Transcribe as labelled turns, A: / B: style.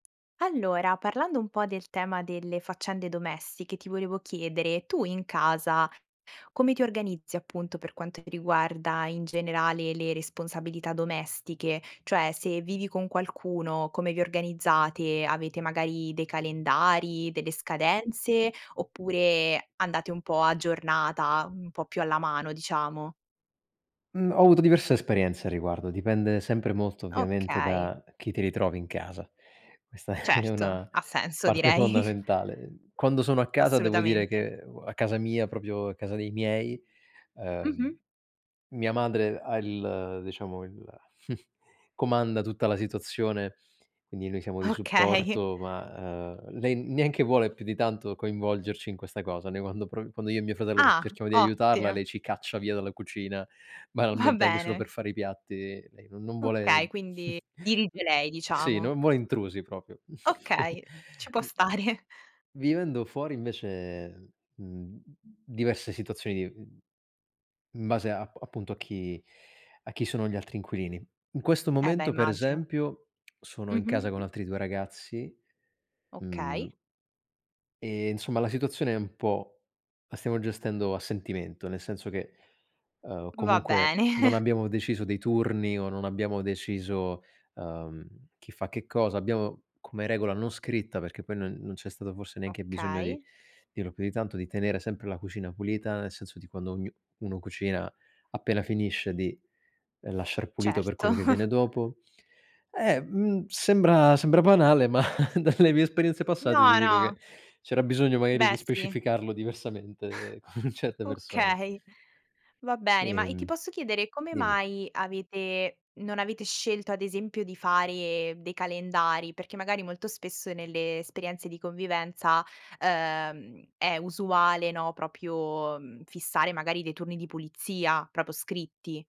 A: Allora, parlando un po' del tema delle faccende domestiche, ti volevo chiedere, tu in casa come ti organizzi appunto per quanto riguarda in generale le responsabilità domestiche? Cioè se vivi con qualcuno, come vi organizzate? Avete magari dei calendari, delle scadenze oppure andate un po' a giornata, un po' più alla mano diciamo?
B: Mhmm, ho avuto diverse esperienze a riguardo, dipende sempre molto ovviamente
A: Okay.
B: da chi ti ritrovi in casa. Questa è
A: Certo,
B: una
A: ha senso
B: parte
A: direi.
B: fondamentale. Quando sono a casa devo dire
A: Assolutamente.
B: che uo a casa mia, proprio a casa dei miei,
A: Mh-mh.
B: ehm, mia madre ha il diciamo il comanda tutta la situazione, quindi noi siamo di
A: Okay.
B: supporto, ma ehm, lei neanche vuole più di tanto coinvolgerci in questa cosa. Noi quando pro quando io e mio fratello
A: Ah!
B: cerchiamo di aiutarla,
A: Ottimo.
B: lei ci caccia via dalla cucina,
A: Va
B: banalmente anche solo per
A: bene.
B: fare i piatti, lei non non vuole,
A: Okay, quindi dirige lei
B: sì,
A: diciamo.
B: non vuole intrusi proprio.
A: Okay, ci può stare.
B: Vivendo fuori invece, mhmm, diverse situazioni di, mhmm, in base a a appunto a chi a chi sono gli altri inquilini. In questo
A: E beh,
B: momento, per
A: immagino.
B: esempio, sono in casa con
A: Mh-mh.
B: altri due ragazzi, mhmm
A: Okay.
B: e insomma la situazione è un po' la stiamo gestendo a sentimento, nel senso che, ehm,
A: Va
B: comunque
A: bene.
B: non abbiamo deciso dei turni o non abbiamo deciso, ehm, chi fa che cosa, abbiamo come regola non scritta perché poi non non c'è stato forse neanche bisogno di
A: Okay.
B: dirlo più di tanto, di tenere sempre la cucina pulita, nel senso di quando ognu uno cucina appena finisce di lasciar pulito per
A: Certo.
B: quello che viene dopo, eh, mhmm, sembra sembra banale, ma dalle mie esperienze passate ti
A: No,
B: dico che
A: no.
B: c'era bisogno magari
A: Beh,
B: di
A: sì.
B: specificarlo diversamente con certe persone.
A: Okay, va bene, ma e ti
B: Ehm,
A: posso chiedere come
B: dimmi.
A: mai avete non avete scelto ad esempio di fare dei calendari? Perché magari molto spesso nelle esperienze di convivenza, ehm, è usuale, no, proprio, mhmm, fissare magari dei turni di pulizia proprio scritti.